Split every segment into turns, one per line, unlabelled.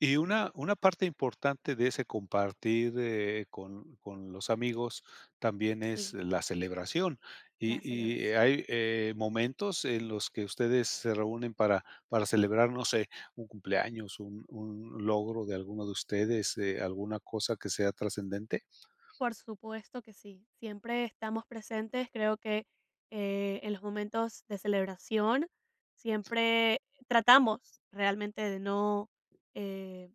Y una una parte importante de ese compartir, eh, con con los amigos también es
Sí.
la celebración.
La
Y y,
celebración.
¿hay, eh, momentos en los que ustedes se reúnen para para celebrar, no sé, un cumpleaños, un un logro de alguno de ustedes, eh, alguna cosa que sea trascendente?
Por supuesto que sí, siempre estamos presentes. Creo que, eh, en los momentos de celebración, siempre tratamos realmente de no, eh,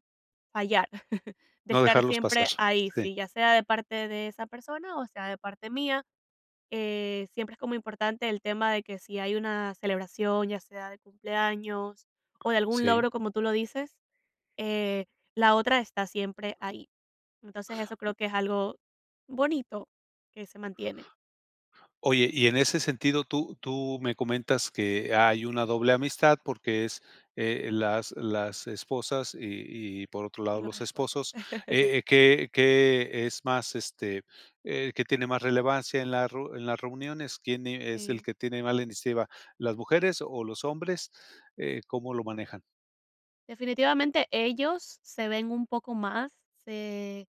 fallar, de
No
estar
dejarlos pasar.
siempre ahí,
Sí.
sí, ya sea de parte de esa persona, o sea de parte mía, eh, siempre es como importante el tema, de que si hay una celebración, ya sea de cumpleaños o de algún
Sí.
logro, como tú lo dices, eh, la otra está siempre ahí. Entonces, eso creo que es algo bonito que se mantiene.
Oye, y en ese sentido, tú tú me comentas que hay una doble amistad, porque, es, eh, las las esposas, y y, por otro
Y
lado,
los
los
esposos.
esposos. Eh eh, ¿qué qué es más, este, eh, que tiene más relevancia en la ru en las reuniones? ¿Quién es el
Sí.
que tiene más la iniciativa? ¿Las mujeres o los hombres? Eh, ¿cómo lo manejan?
Definitivamente, ellos se ven un poco más, se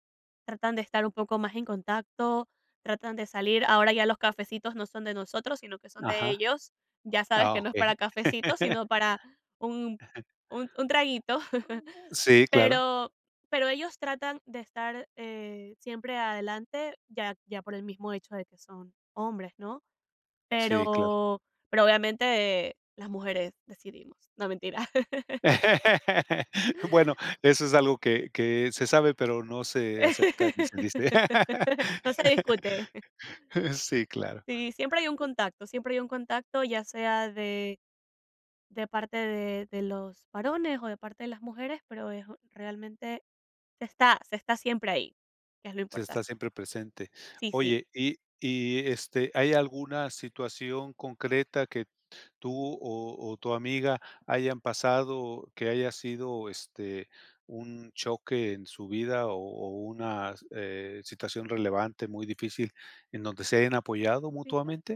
tratan de estar un poco más en contacto, tratan de salir. Ahora, ya los cafecitos no son de nosotros, sino que son de
Ajá.
ellos, ya sabes
Ah,
que no es
okey.
para cafecito, sino para un un un traguito,
[unintelligible] Sí, claro.
pero pero ellos tratan de estar, eh, siempre adelante, ya ya por el mismo hecho de son hombres, ¿no?
Sí, claro.
Pero pero, obviamente, las mujeres decidimos, no, mentira.
Bueno, eso es algo, que que se sabe, pero no se acepta ni se dice.
No se discute.
Sí, claro.
Sí, siempre hay un contacto siempre hay un contacto, ya sea de de parte de de los varones, o de parte de las mujeres, pero, es realmente se está se está siempre ahí, es lo
Se está
importante.
siempre presente.
Sí, sí.
Oye, y y, eh este, ¿hay alguna situación concreta, que tú, o o tu amiga hayan pasado, o que haya sido, este, un choque en su vida, o o una, eh, situación relevante muy difícil, en donde se hayan apoyado
Fija
mutuamente?